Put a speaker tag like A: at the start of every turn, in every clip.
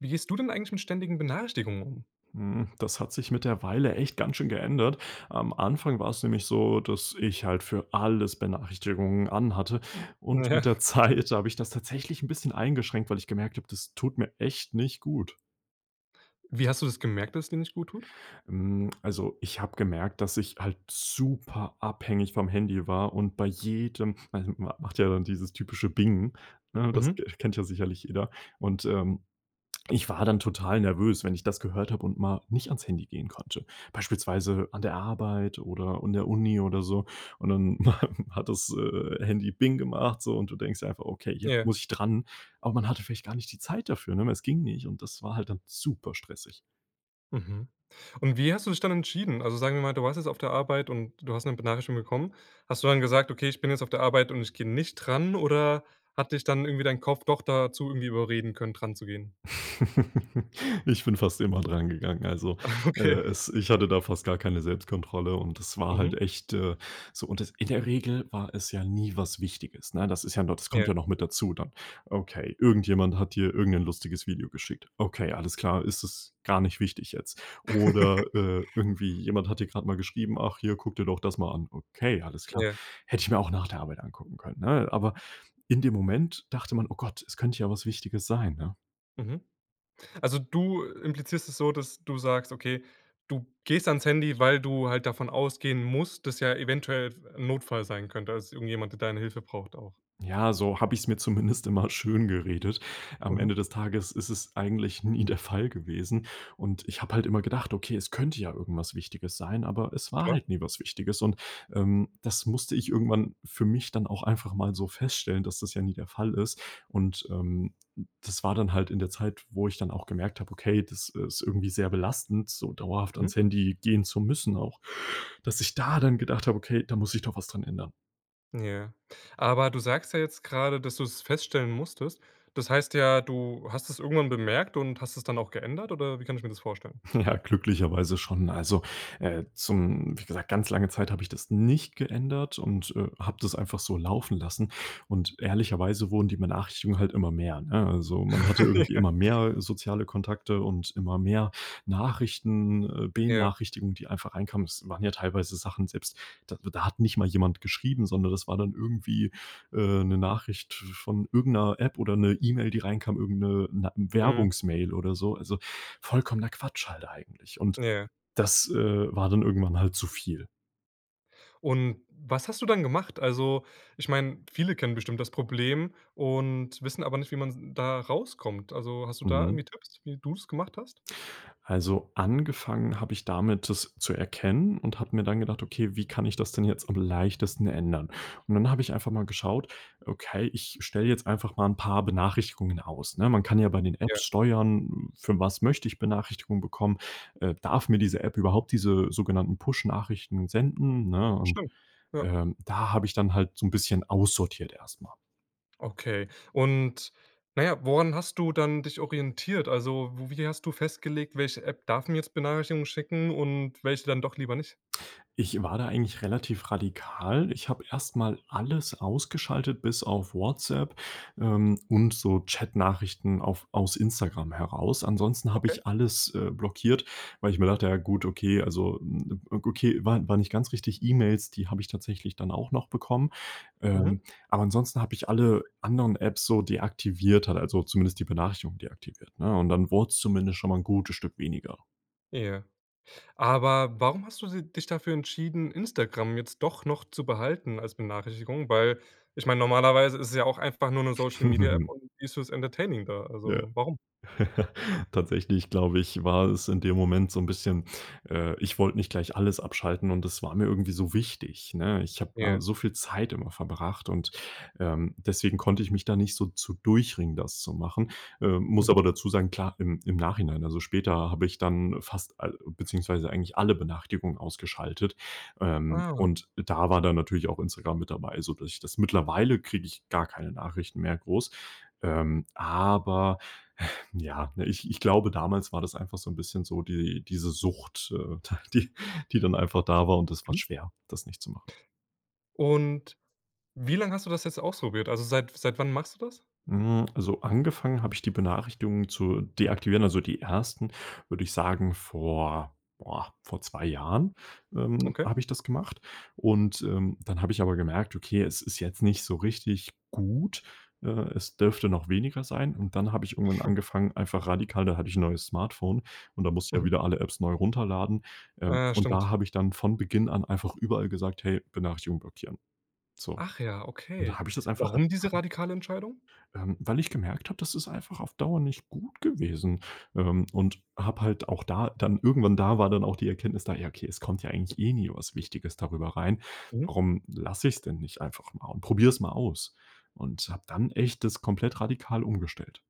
A: Wie gehst du denn eigentlich mit ständigen Benachrichtigungen um?
B: Hm, das hat sich mit der Weile echt ganz schön geändert. Am Anfang war es nämlich so, dass ich halt für alles Benachrichtigungen an hatte. Und mit der
A: Ja.
B: Zeit habe ich das tatsächlich 'n bisschen eingeschränkt, weil ich gemerkt habe, das tut mir echt nicht gut.
A: Wie hast du das gemerkt, dass es dir nicht gut tut?
B: Hm. Also, ich habe gemerkt, dass ich halt super abhängig vom Handy war, und bei jedem ma ma macht ja dann dieses typische Bing, ne, das
A: Mhm.
B: ke kennt ja sicherlich jeder. Und, ähm, ich war dann total nervös, wenn ich das gehört habe und mal nicht ans Handy gehen konnte. Beispielsweise an der Arbeit oder in der Uni oder so. Und dann hat das, äh, Handy Bing gemacht, so und du denkst dir einfach: „Okay, jetzt
A: Ja.
B: muss ich dran." Aber man hatte vielleicht gar nicht die Zeit dafür, ne, weil es ging nicht. Und das war halt dann super stressig.
A: Mhm. Und wie hast du dich dann entschieden? Also, sagen wir mal, du warst jetzt auf der Arbeit und du hast 'ne Benachrichtigung bekommen. Hast du dann gesagt: „Okay, ich bin jetzt auf der Arbeit und ich gehe nicht dran"? Oder hat dich dann irgendwie dein Kopf doch dazu irgendwie überreden können, dran zu gehen?
B: Ich bin fast immer dran gegangen. Also,
A: Ah,
B: äh,
A: okay.
B: es ich hatte da fast gar keine Selbstkontrolle. Und das war halt
A: Mhm.
B: echt, äh, so und das in der Regel war es ja nie was Wichtiges, ne? Das ist ja no das kommt
A: Ja.
B: ja noch mit dazu, dann. Okay, irgendjemand hat dir irgend 'nen lustiges Video geschickt. Okay, alles klar. Ist das gar nicht wichtig jetzt? Oder, äh, irgendwie jemand hat dir gerade mal geschrieben: „Ach, hier, guck dir doch das mal an." Okay, alles klar.
A: Ja.
B: Hätte ich mir auch nach der Arbeit angucken können, ne? Aber in dem Moment dachte man: „Oh Gott, es könnte ja was Wichtiges sein, ne?"
A: Mhm. Also du implizierst es so, dass du sagst okay, du gehst ans Handy, weil du halt davon ausgehen musst, dass ja eventuell f 'n Notfall sein könnte, dass irgendjemand, der deine Hilfe braucht auch.
B: Ja, so habe ich es mir zumindest immer schön geredet. Am
A: Mhm.
B: Ende des Tages ist es eigentlich nie der Fall gewesen. Und ich habe halt immer gedacht: „Okay, es könnte ja irgendwas Wichtiges sein“, aber es war
A: Klar.
B: halt nie was Wichtiges und, ähm, das musste ich irgendwann für mich dann auch einfach mal so feststellen, dass das ja nie der Fall ist. Und, ähm, das war dann halt in der Zeit, wo ich dann auch gemerkt habe: „Okay, das ist irgendwie sehr belastend, so dauerhaft
A: Mhm.
B: ans Handy gehen zu müssen“, auch, dass ich da dann gedacht habe: „Okay, da muss ich doch was dran ändern.“
A: Ja, aber du sagst ja jetzt gerade, dass du es feststellen musstest. Das heißt ja, du hast es irgendwann bemerkt und hast es dann auch geändert, oder wie kann ich mir das vorstellen?
B: Ja, glücklicherweise schon. Also, äh, zum wie gesagt, ganz lange Zeit habe ich das nicht geändert. Und, äh, habe das einfach so laufen lassen. Und ehrlicherweise wurden die Benachrichtigungen halt immer mehr, ne? Also, man hatte irgendwie immer
A: Ja.
B: mehr soziale Kontakte und immer mehr Nachrichten, äh,
A: Ja.
B: Benachrichtigung, die einfach reinkamen. Es waren ja teilweise Sachen selbst, d da hat nicht mal jemand geschrieben, sondern das war dann irgendwie, äh, 'ne Nachricht v von irgend 'ner App oder 'ne E-Mail, die reinkam, irgend 'ne na
A: Mhm.
B: Werbungsmail oder so, also vollkommener Quatsch, halt eigentlich. Und
A: Ja.
B: das, äh, war dann irgendwann halt zu viel.
A: Und was hast du dann gemacht? Also, ich meine, viele kennen bestimmt das Problem und wissen aber nicht, wie man da rauskommt. Also hast du da
B: Mhm.
A: irgendwie Tipps, wie du's gemacht hast?
B: Also angefangen habe ich damit, das zu erkennen und habe mir dann gedacht, okay, wie kann ich das denn jetzt am leichtesten ändern? Und dann habe ich einfach mal geschaut okay, ich stelle jetzt einfach mal 'n paar Benachrichtigungen aus, ne? Man kann ja bei den
A: Ja.
B: Apps steuern, für was möchte ich Benachrichtigungen bekommen, äh, darf mir diese App überhaupt diese sogenannten Push-Nachrichten senden, ne? Und,
A: Stimmt, ja.
B: ähm, da habe ich dann halt so 'n bisschen aussortiert erstmal.
A: Okay. Und, na ja, woran hast du dann dich orientiert? Also, wo wie hast du festgelegt, welche App darf mir jetzt Benachrichtigungen schicken und welche dann doch lieber nicht?
B: Ich war da eigentlich relativ radikal. Ich habe erst mal alles ausgeschaltet bis auf WhatsApp, ähm, und so Chat-Nachrichten auf aus Instagram heraus. Ansonsten habe
A: Okay.
B: ich alles, äh, blockiert, weil ich mir dachte, ja, gut, okay, also okay, wa war nicht ganz richtig. E-Mails, die habe ich tatsächlich dann auch noch bekommen. Ähm,
A: Mhm.
B: aber ansonsten habe ich alle anderen Apps so deaktiviert halt, also zumindest die Benachrichtigung deaktiviert, ne? Und dann wurd's zumindest schon mal 'n gutes Stück weniger.
A: Ja. Aber warum hast du si dich dafür entschieden, Instagram jetzt doch noch zu behalten als Benachrichtigung? Weil, ich meine, normalerweise ist es ja auch einfach nur 'ne Social-Media-App und die ist fürs Entertaining da,
B: Ja.
A: also warum?
B: Tatsächlich, glaube ich, war es in dem Moment so 'n bisschen äh, ich wollte nicht gleich alles abschalten. Und das war mir irgendwie so wichtig, ne? Ich habe da
A: Ja.
B: so viel Zeit immer verbracht. Und, ähm, deswegen konnte ich mich da nicht so zu durchringen, das zu machen, äh, muss
A: Mhm.
B: aber dazu sagen. Klar, im im Nachhinein, also, später habe ich dann fast a beziehungsweise eigentlich alle Benachrichtigungen ausgeschaltet. Ähm,
A: Ah.
B: und da war dann natürlich auch Instagram mit dabei, so dass ich das mittlerweile kriege ich gar keine Nachrichten mehr groß. Ähm, aber, ja, ne? Ich ich glaube, damals war das einfach so 'n bisschen so die diese Sucht, äh, ta die, die dann einfach da war. Und das war
A: Hm.
B: schwer, das nicht zu machen.
A: Und wie lange hast du das jetzt ausprobiert? Also seit seit wann machst du das?
B: Hm, also, angefangen habe ich die Benachrichtigungen zu deaktivieren, also die 1., würde ich sagen, vor boah, vor 2 Jahren, ähm,
A: Okay.
B: habe ich das gemacht. Und, ähm, dann habe ich aber gemerkt: „Okay, es ist jetzt nicht so richtig gut. Äh, es dürfte noch weniger sein.“ Und dann habe ich irgendwann angefangen, einfach radikal da hatte ich 'n neues Smartphone. Und da musste ich ja
A: Mhm.
B: wieder alle Apps neu runterladen. Ähm,
A: Ja,
B: und da
A: stimmt.
B: habe ich dann von Beginn an einfach überall gesagt: „Hey, Benachrichtigung blockieren.“ So.
A: Ach ja,
B: Und da
A: okay.
B: habe ich das einfach
A: Warum diese
B: radikal
A: radikale Entscheidung?
B: Ähm, weil ich gemerkt habe, das ist einfach auf Dauer nicht gut gewesen. Ähm, und habe halt auch da dann irgendwann da war dann auch die Erkenntnis da, ja: „Okay, es kommt ja eigentlich eh nie was Wichtiges darüber rein.
A: Mhm.
B: Warum lasse ich's denn nicht einfach mal und probiere es mal aus“ und habe dann echt das komplett radikal umgestellt.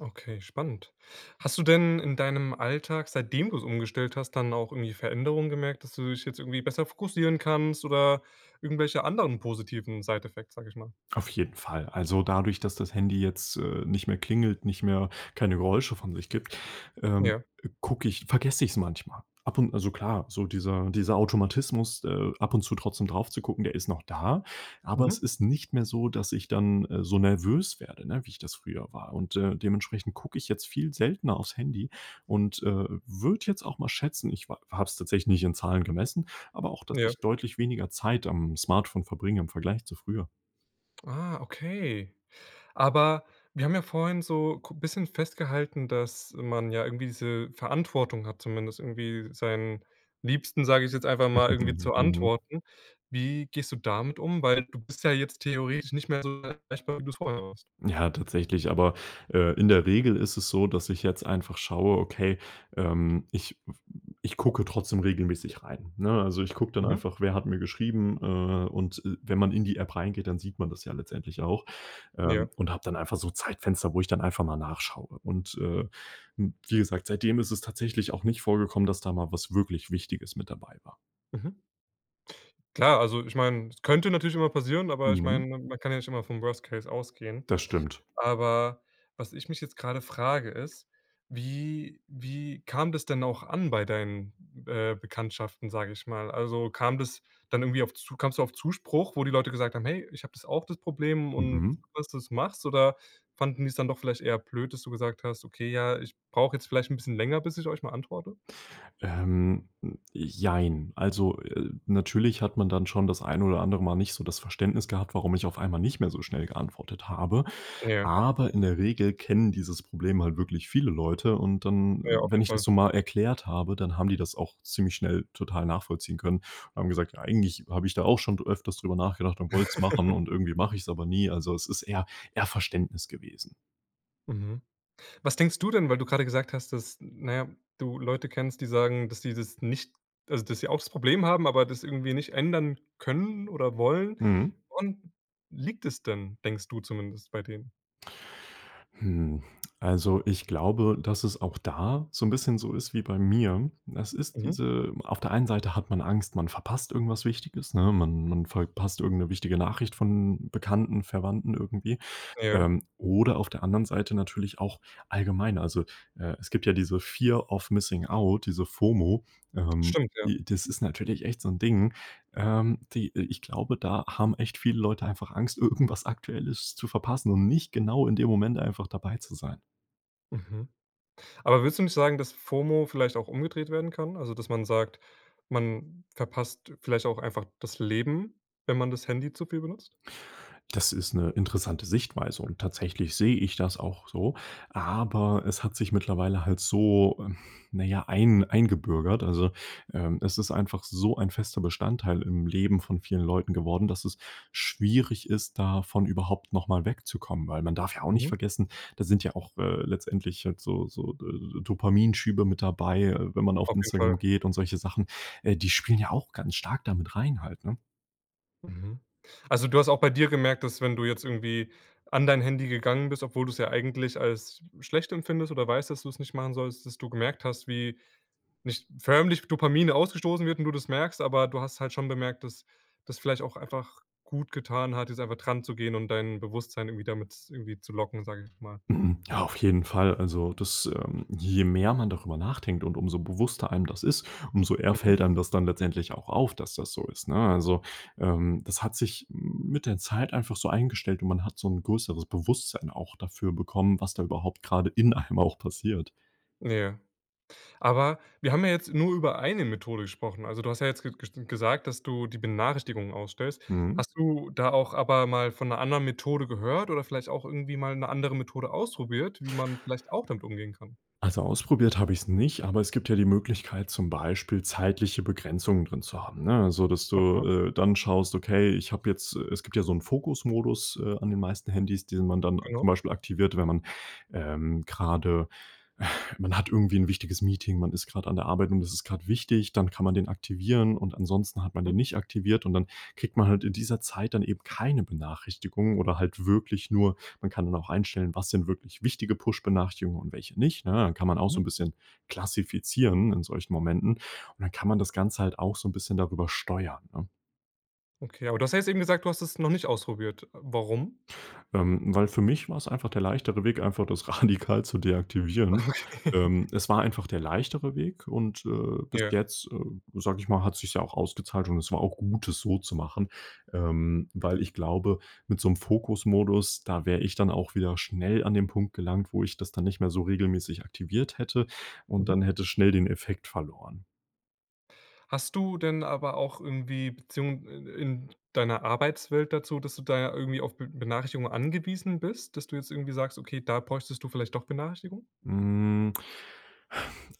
A: Okay, spannend. Hast du denn in deinem Alltag, seitdem du es umgestellt hast, dann auch irgendwie Veränderungen gemerkt, dass du dich jetzt irgendwie besser fokussieren kannst oder irgendwelche anderen positiven Side-Effects, sage ich mal?
B: Auf jeden Fall. Also, dadurch, dass das Handy jetzt, äh, nicht mehr klingelt, nicht mehr keine Geräusche von sich gibt, ähm,
A: Ja.
B: gucke ich vergesse ich es manchmal. Ab und also klar, so dieser dieser Automatismus, äh, ab und zu trotzdem drauf zu gucken, der ist noch da. Aber es
A: Mhm.
B: ist nicht mehr so, dass ich dann, äh, so nervös werde, ne, wie ich das früher war. Und, äh, dementsprechend gucke ich jetzt viel seltener aufs Handy und, äh, würde jetzt auch mal schätzen, ich w habe es tatsächlich nicht in Zahlen gemessen, aber auch, dass
A: Ja.
B: ich deutlich weniger Zeit am Smartphone verbringe im Vergleich zu früher.
A: Ah, okay, aber wir haben ja vorhin so k bisschen festgehalten, dass man ja irgendwie diese Verantwortung hat, zumindest irgendwie seinen Liebsten, sage ich jetzt einfach mal irgendwie
B: Mhm,
A: zu
B: mhm.
A: antworten. Wie gehst du damit um? Weil du bist ja jetzt theoretisch nicht mehr so erreichbar wie du es vorher warst.
B: Ja, tatsächlich. Aber, äh, in der Regel ist es so, dass ich jetzt einfach schaue okay, ähm, ich w ich gucke trotzdem regelmäßig rein, ne? Also, ich gucke dann
A: Mhm.
B: einfach, wer hat mir geschrieben? Äh. Und, äh, wenn man in die App reingeht, dann sieht man das ja letztendlich auch, ähm,
A: Ja.
B: und habe dann einfach so Zeitfenster, wo ich dann einfach mal nachschaue. Und, äh, m wie gesagt, seitdem ist es tatsächlich auch nicht vorgekommen, dass da mal was wirklich Wichtiges mit dabei war.
A: Mhm. Klar, also ich meine, es könnte natürlich immer passieren, aber ich
B: Mhm.
A: meine, man kann ja nicht immer vom Worst-Case ausgehen.
B: Das stimmt.
A: Aber was ich mich jetzt gerade frage ist, wie wie kam das denn auch an bei deinen, äh, Bekanntschaften, sage ich mal? Also kam das dann irgendwie auf Zu kamst du auf Zuspruch, wo die Leute gesagt haben: „Hey, ich habe das auch, das Problem, und
B: Mhm.
A: gut dass du es machst“ oder fanden die es dann doch vielleicht eher blöd, dass du gesagt hast: „Okay, ja, ich brauche jetzt vielleicht 'n bisschen länger, bis ich euch mal antworte“?
B: Ähm. Jein. Also, äh, natürlich hat man dann schon das ein oder andere Mal nicht so das Verständnis gehabt, warum ich auf einmal nicht mehr so schnell geantwortet habe,
A: Ja.
B: aber in der Regel kennen dieses Problem halt wirklich viele Leute, und dann
A: Ja, auf
B: wenn
A: jeden
B: ich das
A: Fall.
B: so mal erklärt habe, dann haben die das auch ziemlich schnell total nachvollziehen können und haben gesagt: „Eigentlich habe ich da auch schon dr öfters darüber nachgedacht und wollte es machen und irgendwie mache ich es aber nie.“ Also, es ist eher eher Verständnis gewesen.
A: Mhm. Was denkst du denn, weil du gerade gesagt hast, dass n naja, du Leute kennst, die sagen, dass die das nicht also, dass sie auch das Problem haben, aber das irgendwie nicht ändern können oder wollen
B: Mhm.
A: woran liegt es denn, denkst du zumindest bei denen?
B: Hm. Also, ich glaube, dass es auch da so 'n bisschen so ist wie bei mir. Es ist
A: Mhm.
B: diese auf der einen Seite hat man Angst, man verpasst irgendwas Wichtiges, ne? Man man verpasst irgendeine wichtige Nachricht von Bekannten, Verwandten irgendwie.
A: Ja.
B: Ähm, oder auf der anderen Seite natürlich auch allgemein. Also, äh, es gibt ja diese Fear of Missing Out, diese FOMO. Ähm,
A: Stimmt, ja.
B: die das ist natürlich echt so 'n Ding. Ähm, die äh, ich glaube, da haben echt viele Leute einfach Angst, irgendwas Aktuelles zu verpassen und nicht genau in dem Moment einfach dabei zu sein.
A: Mhm. Aber würdest du nicht sagen, dass FOMO vielleicht auch umgedreht werden kann? Also, dass man sagt, man verpasst vielleicht auch einfach das Leben, wenn man das Handy zu viel benutzt?
B: Das ist 'ne interessante Sichtweise. Und tatsächlich sehe ich das auch so. Aber es hat sich mittlerweile halt so, ähm, na ja, ein eingebürgert. Also, ähm, es ist einfach so ein fester Bestandteil im Leben von vielen Leuten geworden, dass es schwierig ist, davon überhaupt noch mal wegzukommen, weil man darf ja auch nicht
A: Mhm.
B: vergessen, da sind ja auch, äh, letztendlich halt so so D äh, Dopamin-Schübe mit dabei, äh, wenn man auf
A: Auf jeden
B: Instagram
A: Fall.
B: geht und solche Sachen. Äh, die spielen ja auch ganz stark da mit rein halt, ne?
A: Mhm. Also, du hast auch bei dir gemerkt, dass wenn du jetzt irgendwie an dein Handy gegangen bist, obwohl du es ja eigentlich als schlecht empfindest oder weißt, dass du es nicht machen sollst, dass du gemerkt hast, wie nicht förmlich Dopamine ausgestoßen wird und du das merkst. Aber du hast halt schon bemerkt, dass das vielleicht auch einfach gut getan hat, jetzt einfach dran zu gehen und dein Bewusstsein irgendwie damit z irgendwie zu locken, sage ich jetzt mal.
B: Mhm, ja, auf jeden Fall. Also, das, ähm je mehr man darüber nachdenkt und umso bewusster einem das ist, umso eher
A: Mhm.
B: fällt einem das dann letztendlich auch auf, dass das so ist, ne? Also, ähm, das hat sich mit der Zeit einfach so eingestellt. Und man hat so 'n größeres Bewusstsein auch dafür bekommen, was da überhaupt gerade in einem auch passiert.
A: Ja. Aber wir haben ja jetzt nur über eine Methode gesprochen. Also, du hast ja jetzt ge gesch gesagt, dass du die Benachrichtigungen ausstellst.
B: Mhm.
A: Hast du da auch aber mal von 'ner anderen Methode gehört oder vielleicht auch irgendwie mal 'ne andere Methode ausprobiert, wie man vielleicht auch damit umgehen kann?
B: Also, ausprobiert habe ich's nicht. Aber es gibt ja die Möglichkeit, zum Beispiel zeitliche Begrenzungen drin zu haben, ne? Also, dass du,
A: Aha.
B: äh, dann schaust, okay, ich habe jetzt äh, es gibt ja so 'n Fokus-Modus, äh, an den meisten Handys, den man dann
A: Genau.
B: zum Beispiel aktiviert, wenn man, ähm, gerade man hat irgendwie 'n wichtiges Meeting. Man ist grad an der Arbeit und das ist grad wichtig. Dann kann man den aktivieren und ansonsten hat man den
A: Mhm.
B: nicht aktiviert. Und dann kriegt man halt in dieser Zeit dann eben keine Benachrichtigungen oder halt wirklich nur man kann dann auch einstellen: Was sind wirklich wichtige Push-Benachrichtigungen und welche nicht, ne? Dann kann man auch
A: Mhm.
B: so 'n bisschen klassifizieren in solchen Momenten. Und dann kann man das Ganze halt auch so 'n bisschen darüber steuern, ne?
A: Okay, aber du hast ja jetzt eben gesagt, du hast das noch nicht ausprobiert. Warum?
B: Ähm, weil für mich war's einfach der leichtere Weg, einfach das radikal zu deaktivieren.
A: Okay
B: Ähm, es war einfach der leichtere Weg. Und, äh, bis
A: Ja.
B: jetzt, äh, sage ich mal, hat sich's ja auch ausgezahlt. Und es war auch gut, das so zu machen, ähm, weil ich glaube, mit so 'nem Fokus-Modus, da wäre ich dann auch wieder schnell an den Punkt gelangt, wo ich das dann nicht mehr so regelmäßig aktiviert hätte und dann
A: Mhm.
B: hätte es schnell den Effekt verloren.
A: Hast du denn aber auch irgendwie Beziehung, äh, äh, in deiner Arbeitswelt dazu, dass du da irgendwie auf Be Benachrichtigungen angewiesen bist, dass du jetzt irgendwie sagst, okay, da bräuchtest du vielleicht doch Benachrichtigung?
B: Hm.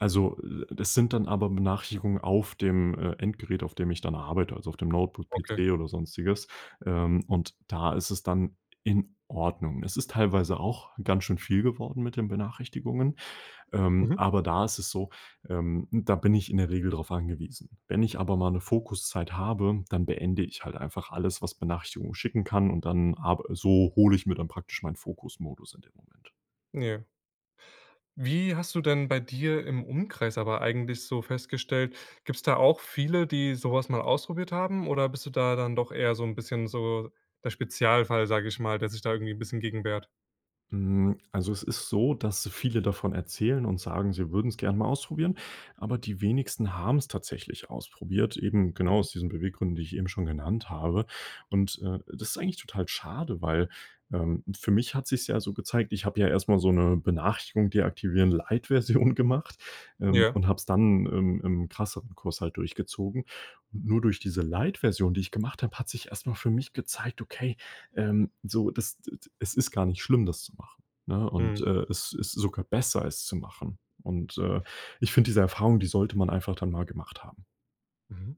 B: Also, äh, das sind dann aber Benachrichtigungen auf dem, äh, Endgerät, auf dem ich dann arbeite, also auf dem Notebook,
A: Okay.
B: PC oder sonstiges. Ähm, und da ist es dann in Ordnung. Es ist teilweise auch ganz schön viel geworden mit den Benachrichtigungen. Ähm,
A: Mhm.
B: aber da ist es so ähm, da bin ich in der Regel darauf angewiesen. Wenn ich aber mal 'ne Fokuszeit habe, dann beende ich halt einfach alles, was Benachrichtigungen schicken kann. Und dann arb so hole ich mir dann praktisch meinen Fokus-Modus in dem Moment.
A: Ja. Wie hast du denn bei dir im Umkreis aber eigentlich so festgestellt gibt es da auch viele, die sowas mal ausprobiert haben? Oder bist du da dann doch eher so 'n bisschen so der Spezialfall, sage ich mal, der sich da irgendwie 'n bisschen gegen wehrt?
B: Hm, also, es ist so, dass viele davon erzählen und sagen, sie würden es gerne mal ausprobieren. Aber die wenigsten haben es tatsächlich ausprobiert. Eben genau
A: Mhm.
B: aus diesen Beweggründen, die ich eben schon genannt habe. Und, äh, das ist eigentlich total schade, weil, ähm, für mich hat sich es ja so gezeigt. Ich habe ja erst mal so 'ne Benachrichtigung deaktivieren Light Version gemacht, ähm,
A: Ja.
B: und habe es dann, ähm, im krasseren Kurs halt durchgezogen. Und nur durch diese Light Version, die ich gemacht habe, hat sich erst mal für mich gezeigt, okay, ähm, so das, äh es ist gar nicht schlimm, das zu machen, ne? Und,
A: Mhm.
B: äh, es ist sogar besser, es zu machen. Und, äh, ich finde diese Erfahrung, die sollte man einfach dann mal gemacht haben.
A: Mhm,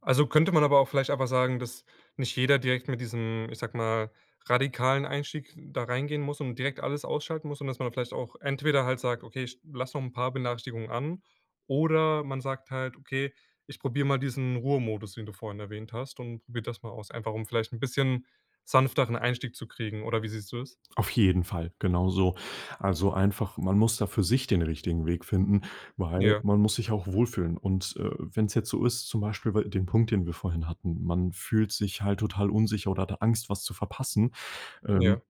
A: also, könnte man aber auch vielleicht einfach sagen, dass nicht jeder direkt mit diesem, ich sage mal, radikalen Einstieg da reingehen muss und direkt alles ausschalten muss und dass man da vielleicht auch entweder halt sagt: „Okay, ich lasse noch 'n paar Benachrichtigungen an", oder man sagt halt: „Okay, ich probiere mal diesen Ruhemodus“, den du vorhin erwähnt hast und probiert das mal aus, einfach, um vielleicht 'n bisschen sanfteren Einstieg zu kriegen, oder wie siehst du das?
B: Auf jeden Fall, genau so. Also, einfach man muss da für sich den richtigen Weg finden, weil
A: Ja.
B: man muss sich auch wohlfühlen. Und, äh, wenn es jetzt so ist, zum Beispiel wei den Punkt, den wir vorhin hatten. Man fühlt sich halt total unsicher oder hat da Angst, was zu verpassen. Ähm,
A: Ja.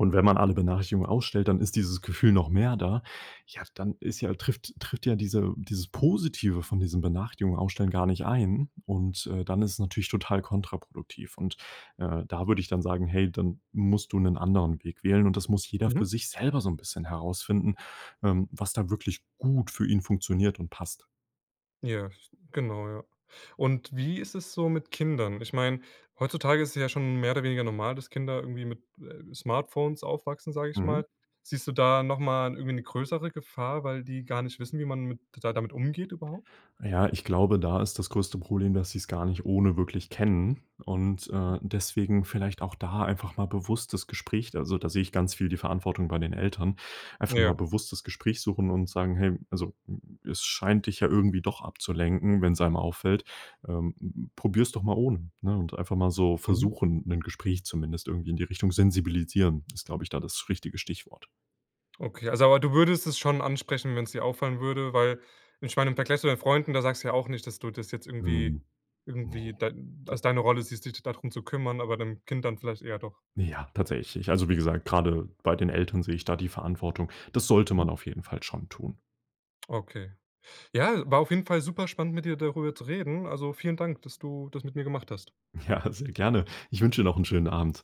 B: und wenn man alle Benachrichtigungen ausstellt, dann ist dieses Gefühl noch mehr da. Ja, dann ist ja trifft tritt ja diese dieses Positive von diesem Benachrichtigungen ausstellen gar nicht ein und, äh, dann ist es natürlich total kontraproduktiv. Und, äh, da würde ich dann sagen: „Hey, dann musst du 'nen anderen Weg wählen." Und das muss jeder
A: Mhm.
B: für sich selber so 'n bisschen herausfinden, ähm, was da wirklich gut für ihn funktioniert und passt.
A: Ja, s genau, ja. Und wie ist es so mit Kindern? Ich meine, heutzutage ist es ja schon mehr oder weniger normal, dass Kinder irgendwie mit, äh, Smartphones aufwachsen, sage ich
B: Mhm.
A: mal. Siehst du da nochmal irgendwie 'ne größere Gefahr, weil die gar nicht wissen, wie man mit da damit umgeht überhaupt?
B: Ja, ich glaube, da ist das größte Problem, dass sie es gar nicht ohne wirklich kennen. Und,
A: Mhm.
B: äh, deswegen vielleicht auch da einfach mal bewusst das Gespräch da also, da sehe ich ganz viel die Verantwortung bei den Eltern einfach mal
A: Ja.
B: bewusst das Gespräch suchen und sagen: „Hey, also, m es scheint dich ja irgendwie doch abzulenken, wenn's einem auffällt, ähm, p probier's doch mal ohne.“ Ne? Und einfach mal so
A: Mhm.
B: versuchen, 'nen Gespräch zumindest irgendwie in die Richtung. Sensibilisieren ist, glaube ich, da das richtige Stichwort.
A: Okay, also, aber du würdest es schon ansprechen, wenn's dir auffallen würde, weil ich meine im Vergleich zu deinen Freunden, da sagst du ja auch nicht, dass du das jetzt irgendwie
B: Mhm, ne
A: irgendwie da
B: da
A: als deine Rolle siehst, s dich dadrum zu kümmern, aber beim Kind dann vielleicht eher doch.
B: Ja, tatsächlich. Ich also, wie gesagt, gerade bei den Eltern sehe ich da die Verantwortung. Das sollte
A: Mhm.
B: man auf jeden Fall schon tun.
A: Okay. Ja, war auf jeden Fall super spannend, mit dir darüber zu reden. Also, vielen Dank, dass du das mit mir gemacht hast.
B: Ja, sehr gerne. Ich wünsche dir noch 'n schönen Abend.